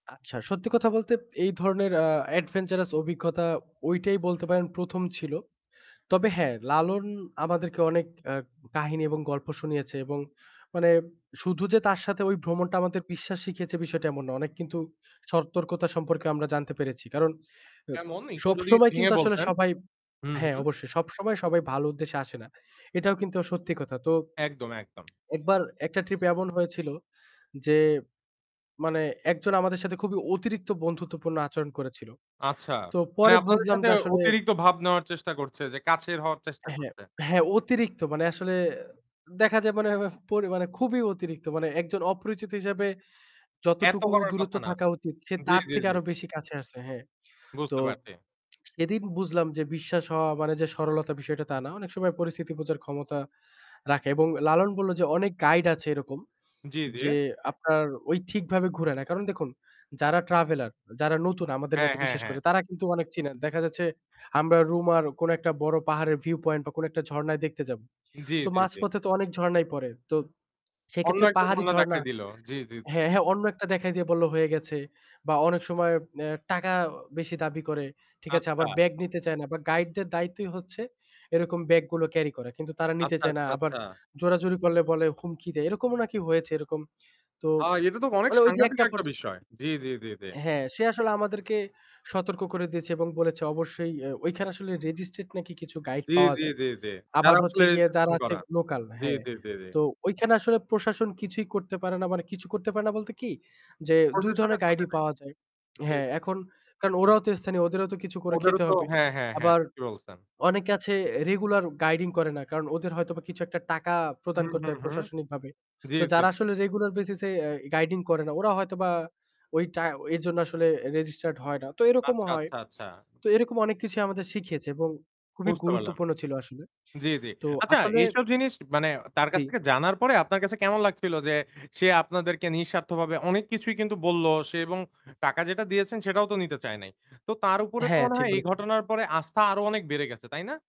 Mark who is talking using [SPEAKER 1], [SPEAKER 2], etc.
[SPEAKER 1] আচ্ছা, সত্যি কথা বলতে এই ধরনের আ adventurous অভিজ্ঞতা ঐটাই বলতে পারেন ১ম ছিল। তবে হ্যাঁ, লালন আমাদেরকে অনেক অ্যা কাহিনী এবং গল্প শুনিয়েছে এবং মানে শুধু যে তার সাথে ওই ভ্রমণটা আমাদের বিশ্বাস শিখিয়েছে বিষয়টা এমন নয়। অনেক কিন্তু সতর্কতা সম্পর্কেও আমরা জানতে পেরেছি। কারণ এব
[SPEAKER 2] কেমন একটু যদি
[SPEAKER 1] সবসময়
[SPEAKER 2] ভেঙে
[SPEAKER 1] কিন্তু আসলে
[SPEAKER 2] বলতেন?
[SPEAKER 1] সবাই
[SPEAKER 2] হুম,
[SPEAKER 1] হ্যাঁ,
[SPEAKER 2] হুম।
[SPEAKER 1] অবশ্যই। সবসময় সবাই ভালো উদ্দেশ্যে আসে না। এটাও কিন্তু আ সত্যি কথা। তো
[SPEAKER 2] একদম, একদম।
[SPEAKER 1] একবার একটা ট্রিপে এমন হয়েছিল যে মানে একজন আমাদের সাথে খুবই অতিরিক্ত বন্ধুত্বপূর্ণ আচরণ করেছিল।
[SPEAKER 2] আচ্ছা।
[SPEAKER 1] তো
[SPEAKER 2] মানে
[SPEAKER 1] পরে
[SPEAKER 2] আপনাদের
[SPEAKER 1] বুঝলাম
[SPEAKER 2] সাথে
[SPEAKER 1] যে আসলে
[SPEAKER 2] অতিরিক্ত ভাব নেওয়ার চেষ্টা করছে যে কাছের হওয়ার চেষ্টা
[SPEAKER 1] হ্যাঁ।
[SPEAKER 2] করছে?
[SPEAKER 1] হ্যাঁ, অতিরিক্ত মানে আসলে দেখা যায় মানে, এ মানে পরি মানে খুবই অতিরিক্ত। মানে একজন অপরিচিত হিসেবে
[SPEAKER 2] এত
[SPEAKER 1] যতটুকু
[SPEAKER 2] করার
[SPEAKER 1] দূরত্ব
[SPEAKER 2] কথা না।
[SPEAKER 1] থাকা উচিত সে
[SPEAKER 2] জ্বী,
[SPEAKER 1] তার
[SPEAKER 2] জ্বী,
[SPEAKER 1] থেকে
[SPEAKER 2] জ্বী।
[SPEAKER 1] আরও বেশি কাছে আসে, হ্যাঁ। তো
[SPEAKER 2] বুঝতে পারছি।
[SPEAKER 1] সেদিন বুঝলাম যে বিশ্বাস হওয়া মানে যে সরলতা বিষয়টা তা না। অনেক সময় পরিস্থিতি বোঝার ক্ষমতা রাখে এবং লালন বলল যে অনেক গাইড আছে এরকম
[SPEAKER 2] জ্বী, জ্বী।
[SPEAKER 1] যে আপনার ওই ঠিকভাবে ঘুরে না। কারণ দেখুন যারা ট্রাভেলার, যারা নতুন আমাদের
[SPEAKER 2] হ্যাঁ,
[SPEAKER 1] মত
[SPEAKER 2] হ্যাঁ,
[SPEAKER 1] বিশেষ
[SPEAKER 2] হ্যাঁ।
[SPEAKER 1] করে, তারা কিন্তু অনেক চিনে। দেখা যাচ্ছে আমরা রুমার কোন একটা বড় পাহাড়ের viewpoint বা কোন একটা ঝর্ণায় দেখতে যাব।
[SPEAKER 2] জ্বী,
[SPEAKER 1] তো
[SPEAKER 2] জ্বী, জ্বী।
[SPEAKER 1] মাঝপথে তো অনেক ঝরণাই পড়ে। তো
[SPEAKER 2] অন্য
[SPEAKER 1] সেক্ষেত্রে
[SPEAKER 2] একটা
[SPEAKER 1] পাহাড়ি
[SPEAKER 2] ঝর্ণা
[SPEAKER 1] ঝরণা
[SPEAKER 2] দেখায় দিল। জ্বী, জ্বী।
[SPEAKER 1] হ্যাঁ, হ্যাঁ। অন্য একটা দেখায় দিয়ে বললো হয়ে গেছে। বা অনেক সময় অ্যা টাকা বেশি দাবি করে, ঠিক আছে? আবার
[SPEAKER 2] আচ্ছা।
[SPEAKER 1] ব্যাগ নিতে চায় না। আবার গাইডদের দায়িত্বই হচ্ছে এরকম ব্যাগ গুলো ক্যারি করা, কিন্তু তারা নিতে
[SPEAKER 2] আচ্ছা,
[SPEAKER 1] চায় না।
[SPEAKER 2] আচ্ছা,
[SPEAKER 1] আবার
[SPEAKER 2] আচ্ছা।
[SPEAKER 1] জোরাজুরি করলে বলে হুমকি দেয়। এরকমও নাকি হয়েছে এরকম। তো
[SPEAKER 2] আ এটা তো অনেক
[SPEAKER 1] মানে ঐ যে
[SPEAKER 2] সাংঘাতিক
[SPEAKER 1] একটা
[SPEAKER 2] একটা
[SPEAKER 1] পর্যা
[SPEAKER 2] বিষয়। জ্বী, জ্বী, জ্বী, জ্বী।
[SPEAKER 1] হ্যাঁ, সে আসলে আমাদেরকে সতর্ক করে দিয়েছে এবং বলেছে অবশ্যই এ ওইখানে আসলে registrate নাকি কিছু গাইড
[SPEAKER 2] জ্বী,
[SPEAKER 1] পাওয়া
[SPEAKER 2] জ্বী,
[SPEAKER 1] যায়।
[SPEAKER 2] জ্বী, জ্বী।
[SPEAKER 1] আবার
[SPEAKER 2] যারা
[SPEAKER 1] হচ্ছে
[SPEAKER 2] আসলে
[SPEAKER 1] গিয়ে যারা
[SPEAKER 2] [unintelligible]
[SPEAKER 1] আছে
[SPEAKER 2] করা।
[SPEAKER 1] লোকাল
[SPEAKER 2] জ্বী,
[SPEAKER 1] হ্যাঁ।
[SPEAKER 2] জ্বী, জ্বী, জ্বী।
[SPEAKER 1] তো ওইখানে আসলে প্রশাসন কিছুই করতে পারে না। মানে কিছু করতে পারে না বলতে কী? যে ২
[SPEAKER 2] প্রশাসনের
[SPEAKER 1] ধরনের
[SPEAKER 2] হাতে
[SPEAKER 1] গাইডই পাওয়া যায়,
[SPEAKER 2] নাই। জি।
[SPEAKER 1] হ্যাঁ। এখন কারণ ওরাও তো স্থানীয়, ওদেরও তো কিছু করে
[SPEAKER 2] ওদেরও
[SPEAKER 1] খেতে
[SPEAKER 2] তো
[SPEAKER 1] হবে।
[SPEAKER 2] হ্যাঁ, হ্যাঁ, হ্যাঁ।
[SPEAKER 1] আবার
[SPEAKER 2] ঠিকই বলছেন।
[SPEAKER 1] অনেকে আছে রেগুলার এ গাইডিং করে না। কারণ ওদের হয়তো বা কিছু একটা টাকা
[SPEAKER 2] হু,
[SPEAKER 1] প্রদান করতে
[SPEAKER 2] হু,
[SPEAKER 1] হয়
[SPEAKER 2] হু।
[SPEAKER 1] প্রশাসনিকভাবে।
[SPEAKER 2] জ্বী,
[SPEAKER 1] তো
[SPEAKER 2] জ্বী।
[SPEAKER 1] যারা আসলে রেগুলার বেসিসে অ্যা গাইডিং করে না ওরা হয়তোবা ওই টা এর জন্য আসলে registered হয় না তো এরকমও
[SPEAKER 2] আচ্ছা,
[SPEAKER 1] হয়।
[SPEAKER 2] আচ্ছা, আচ্ছা।
[SPEAKER 1] তো এইরকম অনেক কিছুই আমাদের শিখিয়েছে এবং খুবই
[SPEAKER 2] বুঝতে পারলাম।
[SPEAKER 1] গুরুত্বপূর্ণ ছিল আসলে।
[SPEAKER 2] জ্বী, জ্বী।
[SPEAKER 1] তো
[SPEAKER 2] আচ্ছা,
[SPEAKER 1] আসলে
[SPEAKER 2] এইসব জিনিস মানে তার
[SPEAKER 1] জি।
[SPEAKER 2] কাছ থেকে জানার পরে আপনার কাছে কেমন লাগছিল যে সে আপনাদেরকে নিঃস্বার্থভাবে অনেক কিছুই কিন্তু বললো সে এবং টাকা যেটা দিয়েছেন সেটাও তো নিতে চায় নাই। তো তার উপরে তো
[SPEAKER 1] হ্যাঁ,
[SPEAKER 2] মনে
[SPEAKER 1] ঠিক
[SPEAKER 2] হয় এই
[SPEAKER 1] বলেছেন।
[SPEAKER 2] ঘটনার পরে আস্থা আরও অনেক বেড়ে গেছে তাই না?